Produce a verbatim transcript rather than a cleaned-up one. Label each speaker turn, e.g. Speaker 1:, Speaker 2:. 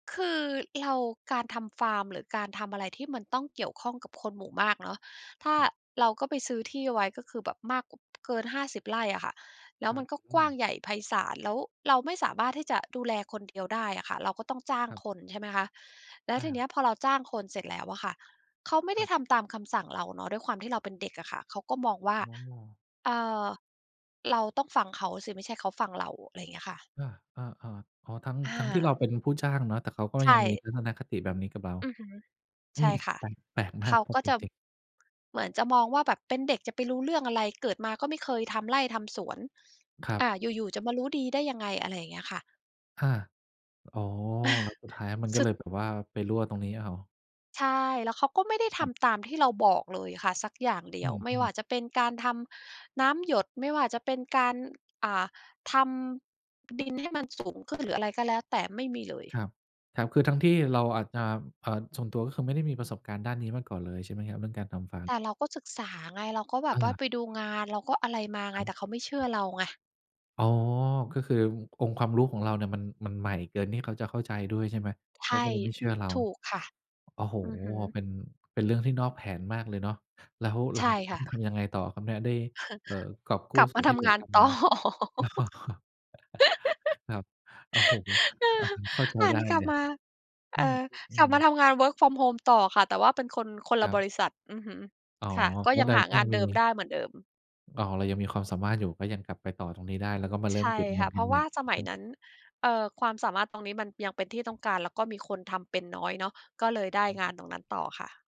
Speaker 1: คือเรา การทำฟาร์ม หรือการทำอะไรที่มันต้องเกี่ยวข้องกับคนหมู่มากเนาะ ถ้า
Speaker 2: ครับ
Speaker 1: เราก็ไปซื้อที่ไว้ก็คือแบบมาก ก เกิน ห้าสิบ ไร่อะค่ะ แล้ว
Speaker 2: คร
Speaker 1: ม
Speaker 2: ั
Speaker 1: ัน
Speaker 2: บ
Speaker 1: ก็
Speaker 2: อ
Speaker 1: ก
Speaker 2: ื
Speaker 1: ว้าง
Speaker 2: ม
Speaker 1: ใหญ่ไพศาล แล้วเราไม่สามารถที่จะดูแลคนเดียวได้อะค่ะ เราก็ต้องจ้าง
Speaker 2: ครับ
Speaker 1: คน ใช่ไหมคะ แล้ว
Speaker 2: เ
Speaker 1: ทีเนี
Speaker 2: ออ
Speaker 1: ้ย พอเราจ้างคนเสร็จแล้วอะค่ะ เขาไม่ไ
Speaker 2: ค
Speaker 1: ด
Speaker 2: ร
Speaker 1: ้
Speaker 2: ับ
Speaker 1: ทำตามคำสั่งเราเนาะ ด้วยความที่เราเป็นเด็กอะค่ะ เขาก็มองว่า
Speaker 2: อ้อ
Speaker 1: เอ่อ เราต้องฟังเขาสิ ไม่ใช่เขาฟังเรา อะไรอย่างเงี้ยค่ะ
Speaker 2: เออ ๆ ๆ อ๋อ ทั้ง
Speaker 1: อ
Speaker 2: ทั้งที่เรา
Speaker 1: า
Speaker 2: เป็นผู้จ้างเนาะ แต่เขาก็
Speaker 1: ใช
Speaker 2: ยังมี
Speaker 1: ่
Speaker 2: ทัศนคติแบบนี้กับเรา
Speaker 1: อือฮึ
Speaker 2: อ
Speaker 1: ใ
Speaker 2: ื
Speaker 1: ช
Speaker 2: ม
Speaker 1: ่ค่ะ
Speaker 2: แปลก แปลกม
Speaker 1: เ
Speaker 2: า
Speaker 1: ข
Speaker 2: ก
Speaker 1: าก็จะ เหมือนจะมองว่าแบบเป็นเด็กจะไปรู้เรื่องอะไร เกิดมาก็ไม่เคยทำไร่ทำสวน
Speaker 2: ครับ
Speaker 1: อ่า อยู่ ๆ จะมารู้ดีได้ยังไง อะไรอย่างเงี้ยค่ะ
Speaker 2: อา อ๋อ แล้วสุดท้ายมัน
Speaker 1: ส
Speaker 2: ก็
Speaker 1: ุ
Speaker 2: เล
Speaker 1: ด
Speaker 2: ยแบบว่าไปรั่วตรงนี้เอา
Speaker 1: ใช่ แล้วเขาก็ไม่ได้ท
Speaker 2: ครับ
Speaker 1: ำตามที่เราบอกเลยค่ะสักอย่างเดี
Speaker 2: อ
Speaker 1: ย
Speaker 2: ื
Speaker 1: ว ไม่ว่
Speaker 2: อ
Speaker 1: า
Speaker 2: ๆ
Speaker 1: จะเป็นการทำน้ำหยด ไม่ว่าจะเป็นการ อ่า ทำดินให้มันสูงขึ้น หรืออะไรก็แล้วแต่ ไม่มีเลย
Speaker 2: ครับ ครับ คือทั้งที่เราอาจจะ เอ่อ ส่วนตัวก็คือไม่ได้มีประสบการณ์ด้านนี้มาก่อนเลยใช่ไหมครับ เรื่องการทำฟาร์
Speaker 1: แต
Speaker 2: ม?
Speaker 1: ่เราก็ศึกษาไง เราก็แบ
Speaker 2: เ
Speaker 1: บว่า
Speaker 2: ออ
Speaker 1: ไปดูงาน เราก็อะไรมาไ
Speaker 2: ค
Speaker 1: ง
Speaker 2: ร
Speaker 1: แต
Speaker 2: ับ
Speaker 1: ่เขาไม่เชื่อเราไง
Speaker 2: อ๋อ ก็คือองค์ความรู้ของเราเนี่ย มัน มันใหม่เกินที่เขาจะเข้าใจด้วย ใช่ไหม
Speaker 1: ใช
Speaker 2: เขา
Speaker 1: ่
Speaker 2: ก็เลยไม่เชื่อเรา
Speaker 1: ถูกค่ะ
Speaker 2: โอ้โฮ
Speaker 1: อือฮึ
Speaker 2: เป็น เป็นเรื่องที่นอกแผนมากเลยเนาะ แล้วหล
Speaker 1: ใช
Speaker 2: ั
Speaker 1: ่
Speaker 2: งจากน
Speaker 1: ค
Speaker 2: ั
Speaker 1: ่
Speaker 2: ้น
Speaker 1: ะ
Speaker 2: ทำยังไงต่อครับเนี่ยได้ เออ กอบกู
Speaker 1: ก
Speaker 2: ้
Speaker 1: ลับ
Speaker 2: ส
Speaker 1: ม
Speaker 2: ่
Speaker 1: า
Speaker 2: วนท
Speaker 1: ท
Speaker 2: ี่เหล
Speaker 1: ำ
Speaker 2: ื
Speaker 1: ง
Speaker 2: อ
Speaker 1: าน
Speaker 2: กลับ
Speaker 1: ต
Speaker 2: ม
Speaker 1: ่อ
Speaker 2: า อ๋อ ครับ โอ้โฮ
Speaker 1: เอ
Speaker 2: อ
Speaker 1: อ
Speaker 2: ่า เข้าใจ
Speaker 1: หั
Speaker 2: ได้
Speaker 1: นกล
Speaker 2: เล
Speaker 1: ับ
Speaker 2: ย
Speaker 1: มา เ
Speaker 2: อ
Speaker 1: อ่
Speaker 2: ือ
Speaker 1: อ
Speaker 2: อื
Speaker 1: กลับมา
Speaker 2: อ
Speaker 1: ทำงาน Work From Home ต่อค่ะ แต่ว่าเป็นคน คนล
Speaker 2: ค
Speaker 1: ะ
Speaker 2: ร
Speaker 1: บ
Speaker 2: ับ
Speaker 1: ริษัท อือฮึ
Speaker 2: อ๋อ
Speaker 1: ค่ะ ก็ยัง
Speaker 2: ก
Speaker 1: หา
Speaker 2: ็
Speaker 1: ง
Speaker 2: ยั
Speaker 1: าน
Speaker 2: ง
Speaker 1: เ
Speaker 2: ม
Speaker 1: ดิมไ
Speaker 2: ี
Speaker 1: ด้เหมือนเดิม
Speaker 2: อ๋อ เรายังมีความสามารถอยู่ ก็ยังกลับไปต่อตรงนี้ได้ แล้วก็มาเร
Speaker 1: ใ
Speaker 2: ิ
Speaker 1: ช
Speaker 2: ่ม
Speaker 1: ่
Speaker 2: เก็บเง
Speaker 1: ค
Speaker 2: ิ
Speaker 1: ่
Speaker 2: น
Speaker 1: ะ เ
Speaker 2: ก
Speaker 1: พ
Speaker 2: ั
Speaker 1: ร
Speaker 2: น
Speaker 1: าะ
Speaker 2: ให
Speaker 1: ว
Speaker 2: ม
Speaker 1: ่
Speaker 2: ่
Speaker 1: าสมั
Speaker 2: ใช
Speaker 1: ย
Speaker 2: ่ไหม?
Speaker 1: นั้น เอ่อ ความสามารถตรงนี้มันยังเป็นที่ต้องการ แล้วก็มีคนทำเป็นน้อยเนาะ ก็เลยได้
Speaker 2: อื
Speaker 1: งาน
Speaker 2: ม
Speaker 1: ตรงนั้นต่อค่ะ